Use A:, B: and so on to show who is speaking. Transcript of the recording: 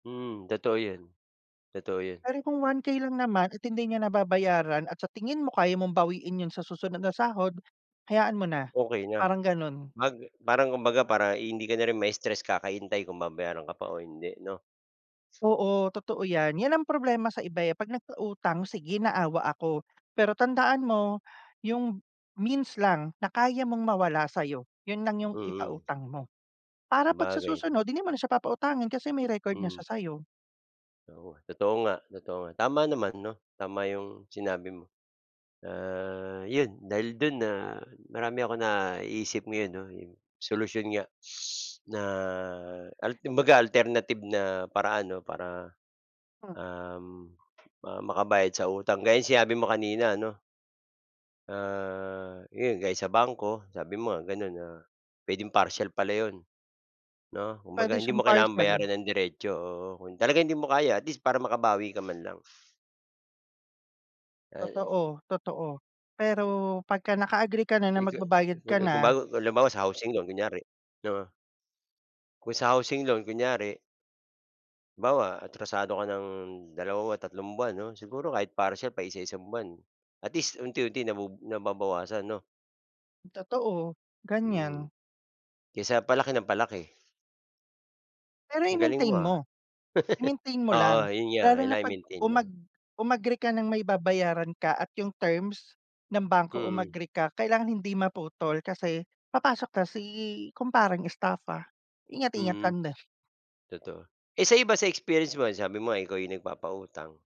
A: Mm, totoo yun. Totoo yun.
B: Pero kung 1K lang naman at hindi niya nababayaran at sa tingin mo kaya mong bawiin yun sa susunod na sahod, hayaan mo na,
A: Okey na.
B: parang ganun.
A: 'Pag parang kumbaga parang hindi ka na rin ma-stress kakahintay kung babayaran ka pa o hindi 'no?
B: Oo, totoo 'yan. 'Yan ang problema sa iba, eh. 'Pag nagpautang, sige naawa ako. Pero tandaan mo yung means lang na kaya mong mawala sa'yo, yun lang yung
A: Mm.
B: ipautang mo. Para 'pag sa
A: Sabagay.
B: susunod hindi mo na siya papautangin kasi may record na
A: Mm.
B: siya sa'yo.
A: Oo, totoo nga, totoo nga. Tama naman 'no. Tama 'yong sinabi mo. Ah, 'yon dahil do'n na marami akong naiisip ngayon 'no, yung solusyon nga na al kumbaga alternative na paraan 'no para,
B: Hmm.
A: um, ma makabayad sa utang. Gaya no'ng sinabi mo kanina ano, ah, 'yon gaya sa bangko sabi mo nga gano'n na puwedeng parcial pala 'yon 'no. Kumbaga
B: Pwede
A: hindi
B: siyang
A: mo kailangan
B: partial.
A: bayaran ng diretso, oo. Kung talagang hindi mo kaya at least para makabawi ka man lang. Ay
B: Totoo, totoo. Pero pagka naka-agree ka na na
A: [unintelligible]
B: magbabayad ka
A: Kung
B: na
A: bago halimbawa, sa housing loan, kunyari 'no. Kung sa housing loan kunyari halimbawa, atrasado ka ng 2 o tatlong buwan 'no, siguro kahit parcial, paisa-isang buwan at least unti-unti nabubu nababawasan 'no.
B: Totoo,
A: Mm.
B: ganyan.
A: Kaysa palaki ng palaki.
B: Pero
A: Ang galing mo
B: i-maintain
A: ha.
B: mo. I-maintain mo
A: Oo,
B: lang.
A: yun nga,
B: Lalo na
A: kailangang
B: 'pag
A: i-maintain
B: umag
A: 'no.
B: umagree ka ng may babayaran ka at yung terms ng bangko
A: Mm.
B: umagree ka, kailangan hindi maputol kasi papasok ka si kumpareng estafa. Ingat-ingat
A: Mm.
B: lang din.
A: Totoo. Eh, sa iba, sa experience mo sabi mo ikaw 'yong nagpapautang